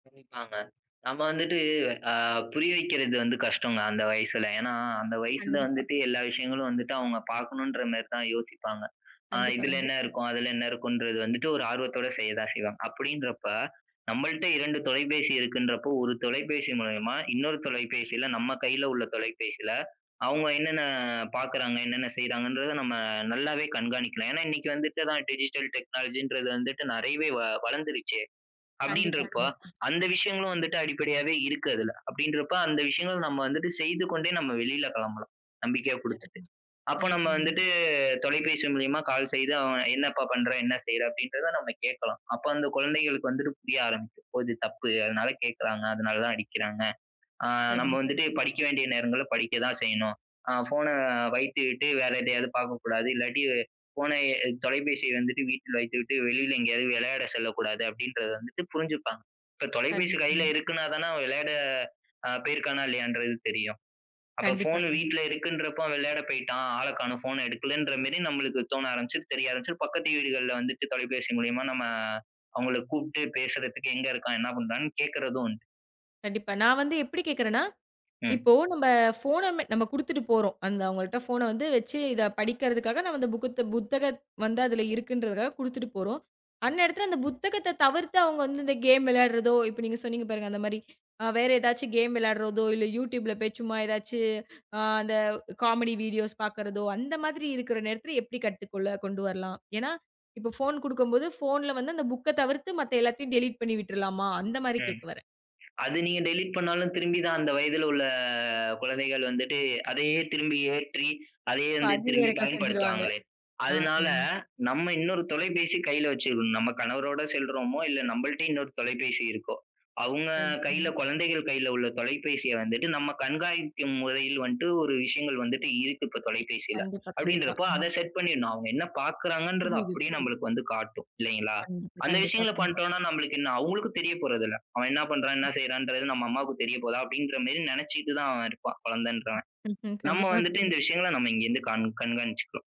கவனிப்பாங்க. நம்ம வந்துட்டு, அ புரிய வைக்கறது வந்து கஷ்டங்க, அந்த வயசுல. ஏன்னா, அந்த வயசுல கண்டிப்பா. வந்துட்டு, எல்லா விஷயங்களு வந்துட்டு, அவங்க பார்க்கணுன்ற மேரி தான் யோசிப்பாங்க. அ கண்டிப்பா, இதுல கண்டிப் என்ன இருக்கும், அதுல என்ன இருக்குன்றத வந்துட்டு, ஒரு ஆர்வத்தோட செய்ய தான் செய்வாங்க. அப்படின்றப்ப, நம்மல்ட்ட இரண்டு தொலைபேசி இருக்குன்றப்போ, ஒரு தொலைபேசி மூலியமா, இன்னொரு தொலைபேசியில, நம்ம கையில உள்ள தொலைபேசில, அவங்க என்னென்ன பாக்குறாங்க, என்னென்ன செய்றாங்கன்றத நம்ம நல்லாவே கண்காணிக்கலா. ஏன்னா, இன்னைக்கு வந்துட்டு தான் டிஜிட்டல் டெக்னாலஜி என்றது வந்துட்டு நிறையவே வ வளர்ந்துடுச்சே. கண்டிப்பா, அப்படின்றப்போ, கண்டிப்பா. அந்த விஷயங்களும் வந்துட்டு அடிப்படையாவே இருக்கு அதுல. அப்படின்றப்போ, அந்த விஷயங்கள நம்ம வந்துட்டு செய்துக்கொண்டே நாம வெளியில கெளம்பலாம். நம்பிக்கையா குடுத்துட்டு. கண்டிப்பா அப்ப நம்ம கண்டிப்பா. ம். வந்துட்டு, தொலைபேசி மூலியமா கால் செய்து அ "என்னப்பா பண்ற? என்ன செய்ற?" அப்படின்றத நாம கேக்கலாம். அப்போ வந்து குழந்தைகளுக்கு வந்துட்டு புரிய ஆரம்பிக்கும். "ஒ இது தப்பு. அதனால கேக்காறாங்க. அதனால தான், அடிக்கிறாங்க. ஆ நம்ம கண்டிப்பா. வந்துட்டு [unintelligible] படிக்க வேண்டிய நேரங்கல்ல படிக்க தான் செய்யணும். ஆ ஃபோன வைத்துவிட்டு வேற எதையாவது பாக்கக்கூடாது. இல்லாட்டி ஃபோனை எ தொலைபேசிய வந்துட்டு வீட்ல வைத்துவிட்டு வெளியில எங்கேயாவது விளையாட செல்லக்கூடாது." அப்படின்றத வந்துட்டு புரிஞ்சுப்பாங்க. இப்போ தொலைபேசி கண்டிப்பா. கையில ம். இருக்குனா தானே, அவன் விளையாட அ போயிருக்கானா, இல்லையான்றது தெரியும். அப்போ கண்டிப்பா, ஃபோன் கண்டிப் வீட்ல இருக்குன்றப்போ விளையாட போயிட்டா. ஆள கானோ. ஃபோன எடுக்கலன்ற மேரி நம்மளுக்கு தோண ஆரம்பிச்சு, தெரிய ஆரம்பிச்சு, பக்கத்து வீட்டுகள்ல வந்துட்டு தொலைபேசி மூலியமா நம்ம அவங்கள கூப்பிட்டு பேசுறதுக்கு "எங்க இருக்கா? என்ன பண்ணுறான்னு" கேட்கறது உண்டு. கண்டிப்பா. நான் வந்து எப்படி கேக்குறேன்னா? ம். இப்போ, நம்ம ஃபோன் அ நாம குடுத்துட்டு போறோம். அந்த அவங்கள்ட ஃபோன் அ வந்து வச்சு இதை படிக்கறதற்காக நாம அந்த புகுத்த புத்தகத் வந்து அதுல இருக்குன்றத குடுத்துட்டு போறோம். அந்நேரத்துல அந்த புத்தகத்த தவிர்த்து, அவங்க வந்து இந்த கேம் விளையாடுறதோ, இப்போ நீங்க சொன்னீங்க பாருங்க, அந்த மாரி வேற ஏதாச்சும் கேம் விளையாடுறதோ, இல்லை யூட்யூப் ல போய் சும்மா, ஏதாச்சு ஆ அந்த காமெடி வீடியோஸ் பார்க்குறதோ, அந்த மாதிரி இருக்கிற நேரத்தில எப்படி கட்டுக்குள்ள கொண்டு வரலாம்? ஏனா, இப்போ ஃபோன் குடுக்கும்போது போன்ல வந்து, அந்த புக்க தவிர்த்து மத்த எல்லாத்தையும் டெலிட் பண்ணி விட்றலாமா? அந்த மாதிரி ம். கேக்க வரேன். அது நீங்க டெலிட் பண்ணாலும் திரும்பி தான், அந்த வயதுல உள்ள குழந்தைகள் வந்துட்டு அதையே திரும்பி ஏற்றி, அதையே இப்போ வந்து அது திரும்பி வேறக்கா செஞ்ச்சுறுவாங்க. பயன்படுத்துவாங்களே! ஆ ஆ. அதுனால, நம்ம இன்னொரு தொலைபேசி கையில வச்சுகனும். நம்ம கணவரோடு செல்றோமோ, இல்ல நம்மள்டயே இன்னொரு தொலைபேசி இருக்கோ? அவங்க கையில [unintelligible] குழந்தைகள் கையில உள்ள தொலைபேசிய வந்துட்டு, நம்ப கண்காணிக்கும் முறையில் வந்துட்டு ஒரு விஷயங்கள் வந்துட்டு இருக்கு இப்போ இ தொலைபேசியில. கண்டிப்பா. கண்டிப்பா. அப்படின்றப்போ அ. அதை செட் பண்ணிடனும். அவங்க என்ன பாக்கறாங்கன்றத புரியுது, அப்படியே புரியுது. நம்மளுக்கு வந்து காட்டும். இல்லைங்களா? கண்டிப்பா, அந்த கண்டிப்பா விஷயங்கள [unintelligible] பண்ட்டோம் னா நம்மளுக்கு என்ன அவங்களுக்கு தெரியப்போறதில்ல. அவன் "என்ன பண்றான், என்ன செய்றான்றது", நம்ம அம்மாவுக்கு தெரியப்போகுதா? அப்படிங்குற மேரி நினைச்சுட்டு தான் அவ இருப்பான், குழந்தன்றவ. ம். நம்ம கண்டிப்பா. வந்துட்டு ம். இந்த விஷயங்கள நாம் இங்கிருந்து கண் கண்காணிச்சுக்கனும்.